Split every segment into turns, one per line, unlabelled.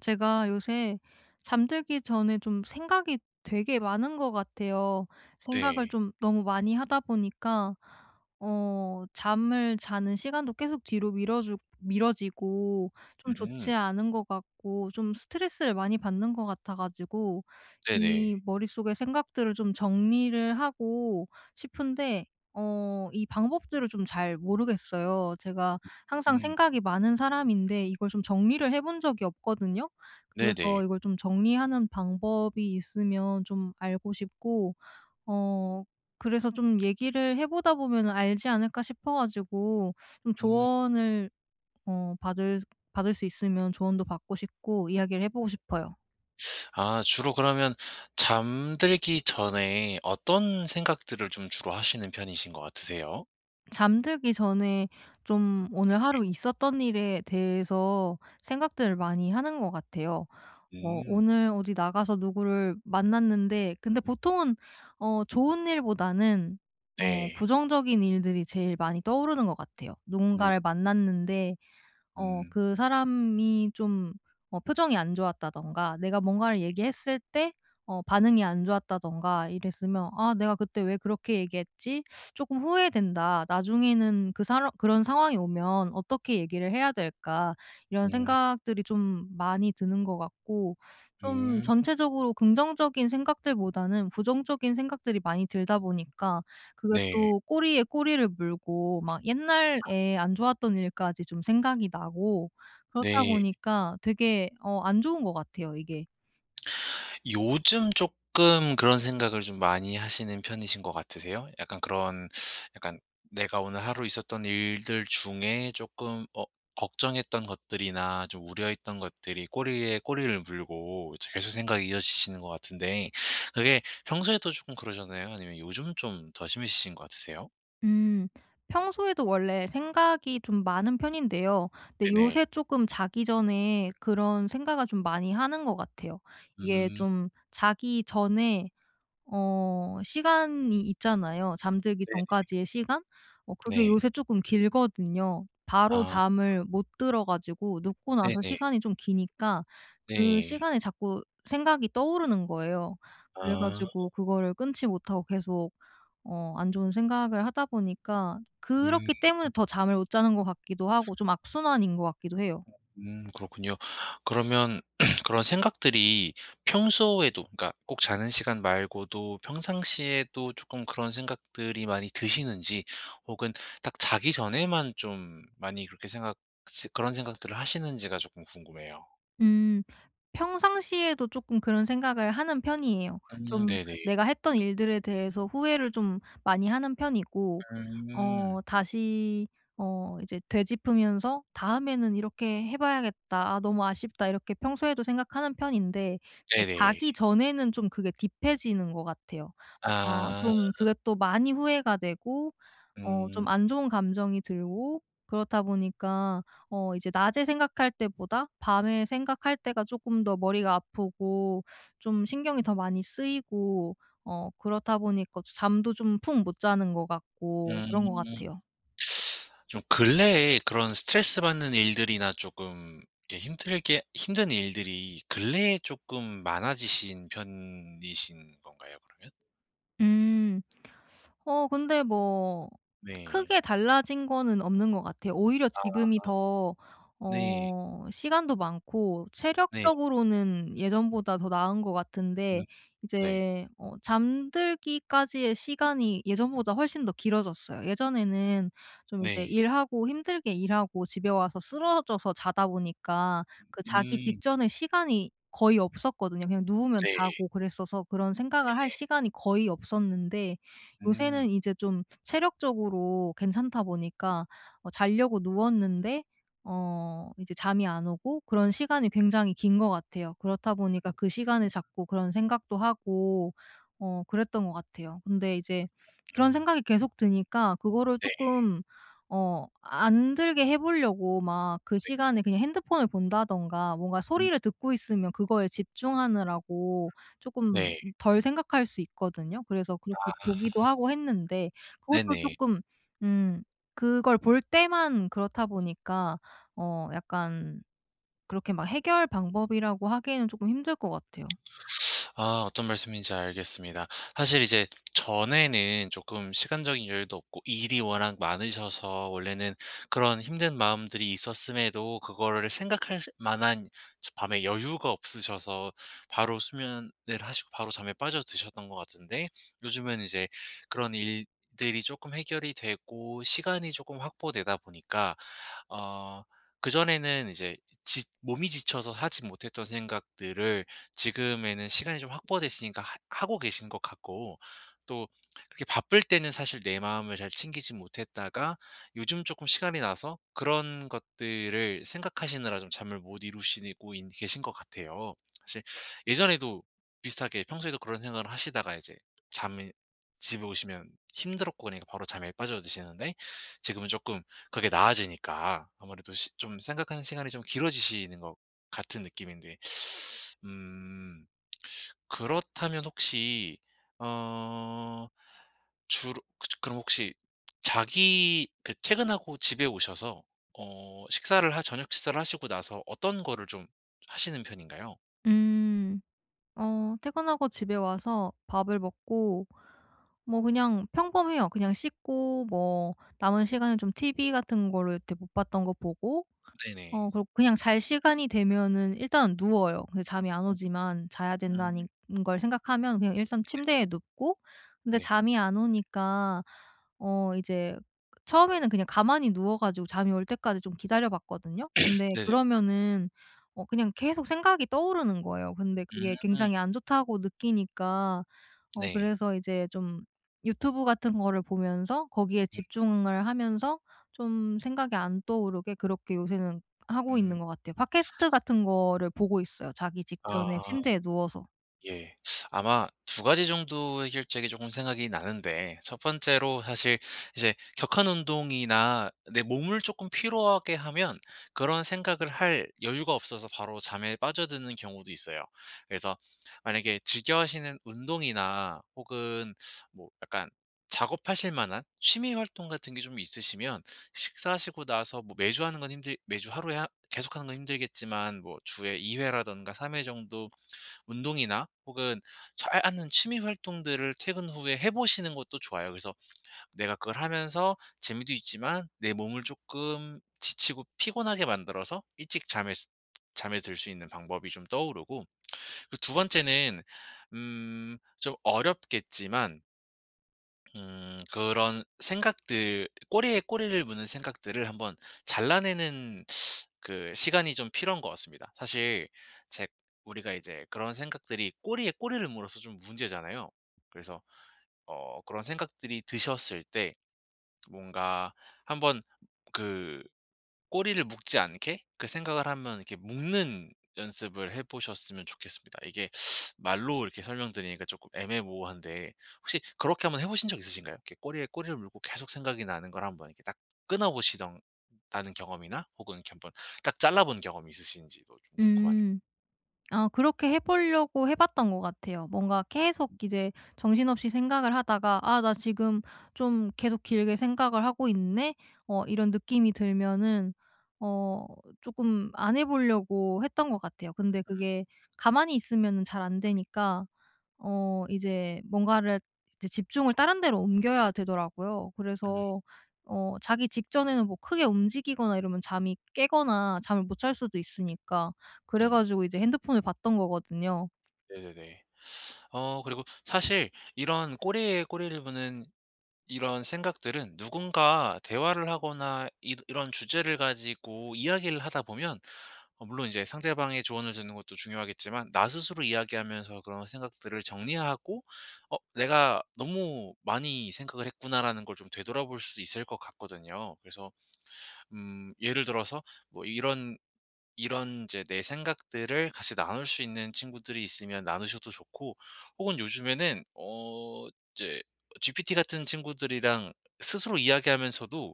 제가 요새 잠들기 전에 좀 생각이 되게 많은 것 같아요. 생각을
네.
좀 너무 많이 하다 보니까 어 잠을 자는 시간도 계속 뒤로 미뤄주 미뤄지고 좀
음.
좋지 않은 것 같고 좀 스트레스를 많이 받는 것 같아 가지고 이
네네.
머릿속에 생각들을 좀 정리를 하고 싶은데 어 이 방법들을 좀 잘 모르겠어요. 제가 항상
음.
생각이 많은 사람인데 이걸 좀 정리를 해 본 적이 없거든요.
네네.
그래서 이걸 좀 정리하는 방법이 있으면 좀 알고 싶고 어 그래서 '좀 얘기를 해 보다 보면은 알지 않을까?' 싶어 가지고 좀
음.
조언을 어 받을 받을 수 있으면 조언도 받고 싶고 이야기를 해 보고 싶어요.
아 주로 그러면 잠들기 전에 어떤 생각들을 좀 주로 하시는 편이신 것 같으세요?
잠들기 전에 좀 오늘
예.
하루 있었던 일에 대해서 생각들을 많이 하는 것 같아요. 어
음.
오늘 어디 나가서 누구를 만났는데 근데 보통은 어 좋은 일보다는 어
네.
부정적인 일들이 제일 많이 떠오르는 것 같아요.
음.
누군가를 만났는데 어
음.
그 사람이 좀 뭐 표정이 안 좋았다든가 내가 뭔가를 얘기했을 때 어 반응이 안 좋았다든가 이랬으면 '아 내가 그때 왜 그렇게 얘기했지? 쪼끔 후회된다.' 나중에는 '그 사러 그런 상황이 오면 어떻게 얘기를 해야 될까?' 이런
음.
생각들이 좀 많이 드는 것 같고 좀
음.
전체적으로 긍정적인 생각들보다는 부정적인 생각들이 많이 들다 보니까 그게
네.
또 꼬리에 꼬리를 물고 막
아.
옛날에 안 좋았던 일까지 좀 생각이 나고 그렇다
네.
보니까 되게 어 안 좋은 것 같아요 이게.
요즘 쪼끔 그런 생각을 좀 많이 하시는 편이신 것 같으세요? 약간 그런 약간 내가 오늘 하루 있었던 일들 중에 쪼끔 어 걱정했던 것들이나 좀 우려했던 것들이 꼬리에 꼬리를 물고 이제 계속 생각이 이어지시는 것 같은데 그게 평소에도 쪼끔 그러셨나요 아니면 요즘 좀 더 심해지신 것 같으세요?
음. 평소에도 원래 생각이 좀 많은 편인데요 근데
네네.
요새 쪼끔 자기 전에 그런 생각을 좀 많이 하는 것 같아요. 이게
음.
좀 자기 전에 어 시간이 있잖아요, 잠들기
네.
전까지의 시간. 어 그게
네.
요새 쪼끔 길거든요. 바로
아.
잠을 못 들어 가지고 눕고 나서
네네.
시간이 좀 기니까 그
네.
시간에 자꾸 생각이 떠오르는 거예요. 그래
아.
가지고 그거를 끊지 못하고 계속 어 안 좋은 생각을 하다 보니까
음.
그렇기 때문에 더 잠을 못 자는 것 같기도 하고 좀 악순환인 것 같기도 해요.
음 그렇군요. 그러면 그런 생각들이 평소에도 그러니까 꼭 자는 시간 말고도 평상시에도 조끔 그런 생각들이 많이 드시는지 혹은 딱 자기 전에만 좀 많이 그렇게 생각 시 그런 생각들을 하시는지가 조끔 궁금해요.
음. 평상시에도 쪼끔 그런 생각을 하는 편이에요.
음
좀
네네.
내가 했던 일들에 대해서 후회를 좀 많이 하는 편이고
음.
어 다시 어 이제 되짚으면서 '다음에는 이렇게 해 봐야겠다. 아 너무 아쉽다.' 이렇게 평소에도 생각하는 편인데 이제
네네.
자기 전에는 좀 그게 딥해지는 것 같아요. 아
아.
좀 그게 또 많이 후회가 되고 어
음.
좀 안 좋은 감정이 들고 그렇다 보니까 어 이제 낮에 생각할 때보다 밤에 생각할 때가 쪼끔 더 머리가 아프고 좀 신경이 더 많이 쓰이고 어 그렇다 보니까 잠도 좀 푹 못 자는 것 같고 그런 것
음.
같아요.
좀 근래에 그런 스트레스 받는 일들이나 쪼끔 이렇게 힘들게 힘든 일들이 근래에 쪼끔 많아지신 편이신 건가요, 그러면?
음. 어 근데 뭐
네.
크게 달라진 거는 없는 것 같아요. 오히려
아.
지금이 더
네.
어 시간도 많고
네.
체력적으로는 예전보다 더 나은 것
음
같은데
네.
이제 어 잠들기까지의 시간이 예전보다 훨씬 더 길어졌어요. 예전에는 좀 이제
네.
일하고 힘들게 일하고 집에 와서 쓰러져서 자다 보니까 그 자기
음.
직전의 시간이 거의 없었거든요. 그냥 누우면
네.
자고 그랬어서 그런 생각을 할
네네.
시간이 거의 없었는데
음.
요새는 이제 좀 체력적으로 괜찮다 보니까 어 자려고 누웠는데 어 이제 잠이 안 오고 그런 시간이 굉장히 긴 것 같아요. 그렇다 보니까 그
아
시간을
어.
자꾸 그런 생각도 하고 어 그랬던 것 같아요. 근데 이제 그런
음.
생각이 계속 드니까 그거를
네.
쪼끔 어 안 들게 해 보려고 막 그
네.
시간에 그냥 핸드폰을 본다든가 뭔가
음.
소리를 듣고 있으면 그거에 집중하느라고 쪼끔
네.
덜 생각할 수 있거든요. 그래서
아.
그렇게 보기도 하고 했는데 그것도
네네.
쪼끔 음 그걸 볼 때만 그렇다 보니까 어 약간 그렇게 막 해결 방법이라고 하기에는 쪼끔 힘들 것 같아요.
아 어떤 말씀인지 알겠습니다. 사실 이제 전에는 쪼끔 시간적인 여유도 없고 일이 워낙 많으셔서 원래는 그런 힘든 마음들이 있었음에도 그거를 생각할 만한 저 밤에 여유가 없으셔서 바로 수면을 하시고 바로 잠에 빠져 드셨던 것 같은데 요즘은 이제 그런 일들이 쪼끔 해결이 되고 시간이 쪼끔 확보되다 보니까 어 그전에는 이제 지 몸이 지쳐서 하지 못했던 생각들을 지금에는 시간이 좀 확보됐으니까 하 하고 계신 것 같고 또 그렇게 바쁠 때는 사실 내 마음을 잘 챙기지 못했다가 요즘 쪼끔 시간이 나서 그런 것들을 생각하시느라 좀 잠을 못 이루시고인 계신 것 같아요. 사실 예전에도 비슷하게 평소에도 그런 생각을 하시다가 이제 잠이 집에 오시면 힘들었고 그러니까 바로 잠에 빠져드시는데 지금은 쪼끔 그게 나아지니까 아무래도 시 좀 생각하는 시간이 좀 길어지시는 것 같은 느낌인데 음 그렇다면 혹시 어 주로 그저 그럼 혹시 자기 그 퇴근하고 집에 오셔서 어 식사를 하 저녁 식사를 하시고 나서 어떤 거를 좀 하시는 편인가요?
음 어 퇴근하고 집에 와서 밥을 먹고 뭐 그냥 평범해요. 그냥 씻고 뭐 남은 시간은 좀 TV 같은 거를 그렇게 못 봤던 거 보고
네네.
어 그러고 그냥 잘 시간이 되면은 일단은 누워요. 근데 잠이 안
음.
오지만 자야
음.
된다니 는 걸 생각하면 그냥 일단
네네네.
침대에 눕고 근데
네.
잠이 안 오니까 어 이제 처음에는 그냥 가만히 누워 가지고 잠이 올 때까지 좀 기다려 봤거든요. 근데
네네.
그러면은 어 그냥 계속 생각이 떠오르는 거예요. 근데 그게
음.
굉장히 안 좋다고 느끼니까. 어
네.
그래서 이제 좀 유튜브 같은 거를 보면서 거기에
음.
집중을 하면서 좀 생각이 안 떠오르게 그렇게 요새는 하고 있는
음.
것 같아요. 팟캐스트 같은 거를 보고 있어요 자기
아.
직전에 침대에 누워서.
예. 아마 2 가지 정도의 해결책이 쪼금 생각이 나는데 1 번째로 사실 이제 격한 운동이나 내 몸을 쪼끔 피로하게 하면 그런 생각을 할 여유가 없어서 바로 잠에 빠져드는 경우도 있어요. 그래서 만약에 즐겨 하시는 운동이나 혹은 뭐 약간 작업하실 만한 취미 활동 같은 게 좀 있으시면 식사하시고 나서 뭐 매주 하는 건 힘들 매주 하루에 하 계속하는 건 힘들겠지만 뭐 주에 2 회라든가 3 회 정도 운동이나 혹은 잘 아는 취미 활동들을 퇴근 후에 해 보시는 것도 좋아요. 그래서 내가 그걸 하면서 재미도 있지만 내 몸을 쪼끔 지치고 피곤하게 만들어서 일찍 잠에스 잠에 들 수 있는 방법이 좀 떠오르고 그 2 번째는 음 좀 어렵겠지만 음. 그런 생각들 꼬리에 꼬리를 무는 생각들을 한번 잘라내는 그 시간이 좀 필요한 것 같습니다. 사실 제 우리가 이제 그런 생각들이 꼬리에 꼬리를 물어서 좀 문제잖아요. 그래서 어 그런 생각들이 드셨을 때 뭔가 한번 그 꼬리를 묶지 않게 그 생각을 하면 이렇게 묶는 연습을 해 보셨으면 좋겠습니다. 이게 말로 이렇게 설명 드리니까 쪼끔 애매모호한데 혹시 그렇게 한번 해 보신 적 있으신가요? 이렇게 꼬리에 꼬리를 물고 계속 생각이 나는 걸 한번 이렇게 딱 끊어보시던 다는 경험이나 혹은 이렇게 한번 그러니까 잘라 본 경험이 있으신지도 좀 궁금하네요.
음 아 그렇게 해 보려고 해 봤던 것 같아요. 뭔가 계속
음.
이제 정신없이 생각을 하다가 '아 나 지금 좀 계속 길게 생각을 하고 있네.' 어 이런 느낌이 들면은 어 쪼금 안 해 보려고 했던 것 같아요. 근데
음.
그게 가만히 있으면은 잘 안 되니까 어 이제 뭔가를 이제 집중을 다른 데로 옮겨야 되더라고요.
음.
그래서 어 자기 직전에는 뭐 크게 움직이거나 이러면 잠이 깨거나 잠을 못 잘 수도 있으니까. 그래
응.
가지고 이제 핸드폰을 봤던 거거든요.
네네네. 어 그리고 사실 이런 꼬리에 꼬리를 무는 이런 생각들은 누군가 대화를 하거나 이러 이런 주제를 가지고 이야기를 하다 보면 어 물론 이제 상대방의 조언을 듣는 것도 중요하겠지만 나 스스로 이야기하면서 그런 생각들을 정리하고 '어 내가 너무 많이 생각을 했구나.'라는 걸 좀 되돌아볼 수 있을 것 같거든요. 그래서 음 예를 들어서 뭐 이런 이런 이제 내 생각들을 같이 나눌 수 있는 친구들이 있으면 나누셔도 좋고 혹은 요즘에는 어 이제 GPT 같은 친구들이랑 스스로 이야기하면서도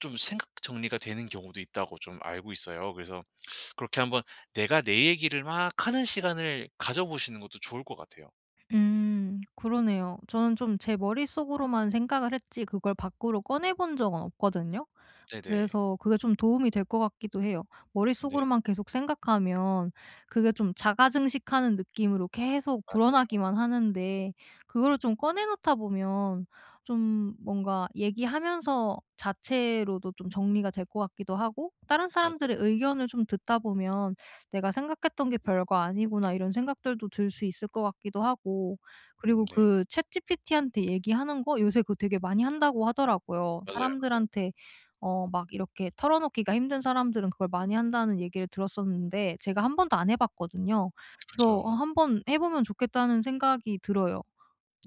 좀 생각 정리가 되는 경우도 있다고 좀 알고 있어요. 그래서 그렇게 한번 내가 내 얘기를 막 하는 시간을 가져 보시는 것도 좋을 것 같아요.
음 그러네요. 저는 좀 제 머릿속으로만 생각을 했지 그걸 밖으로 꺼내 본 적은 없거든요.
네네.
그래서 그게 좀 도움이 될 것 같기도 해요.
네.
머릿속으로만 계속 생각하면 그게 좀 자가 증식하는 느낌으로 계속
맞아요.
불어나기만 하는데 그거를 좀 꺼내 놓다 보면 좀 뭔가 얘기하면서 자체로도 좀 정리가 될 것 같기도 하고 다른 사람들의
맞아요.
의견을 좀 듣다 보면 '내가 생각했던 게 별거 아니구나.' 이런 생각들도 들 수 있을 것 같기도 하고
음
그리고
네.
그 ChatGPT한테 얘기하는 거 '요새 그거 되게 많이 한다.'고 하더라고요.
맞아요, 맞아요.
'사람들한테 어 막 이렇게 털어놓기가 힘든 사람들은 그걸 많이 한다.'는 얘기를 들었었는데 제가 1 번도 안 해 봤거든요. 그래서 어
그쵸.
'한번 해 보면 좋겠다.'는 생각이 들어요.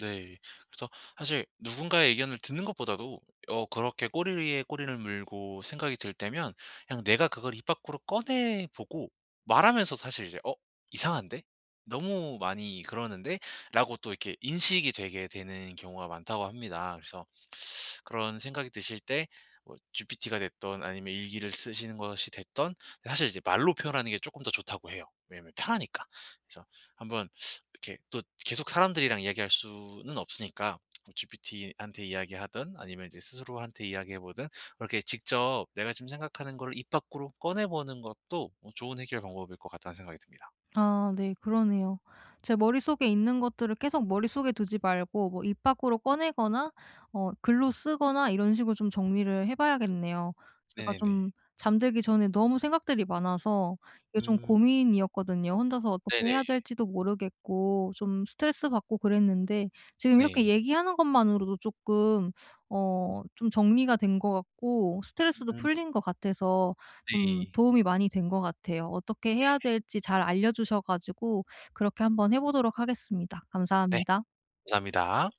네. 그래서 사실 누군가의 의견을 듣는 것보다도 어 그렇게 꼬리 위에 꼬리를 물고 생각이 들 때면 그냥 내가 그걸 입 밖으로 꺼내보고 말하면서 사실 이제 '어 이상한데? 너무 많이 그러는데?'라고 또 이렇게 인식이 되게 되는 경우가 많다고 합니다. 그래서 그런 생각이 드실 때 뭐 GPT가 됐든 아니면 일기를 쓰시는 것이 됐든 이 사실 이제 말로 표현하는 게 쪼끔 더 좋다고 해요, 왜냐하면 편하니까. 그래서 한번 이렇게 또 계속 사람들이랑 이야기할 수는 없으니까 GPT한테 이야기하든 아니면 이제 스스로한테 이야기해 보든 이렇게 직접 내가 지금 생각하는 거를 입 밖으로 꺼내보는 것도 어 좋은 해결 방법일 것 같다는 생각이 듭니다.
아 네 그러네요. 제 머릿속에 있는 것들을 계속 머릿속에 두지 말고 뭐 입 밖으로 꺼내거나 어 글로 쓰거나 이런 식으로 좀 정리를 해 봐야겠네요. 제가
네네.
좀 잠들기 전에 너무 생각들이 많아서 이게 좀
음.
고민이었거든요. 혼자서 어떻게
네네.
해야 될지도 모르겠고 좀 스트레스받고 그랬는데 지금 이렇게
네.
얘기하는 것만으로도 쪼끔 어 좀 정리가 된 것 같고 스트레스도
음.
풀린 것 같아서 좀
네.
도움이 많이 된 것 같아요. 어떻게
예.
해야 될지 잘 알려주셔 가지고 그렇게 한번 해 보도록 하겠습니다.
네.
감사합니다.
감사합니다.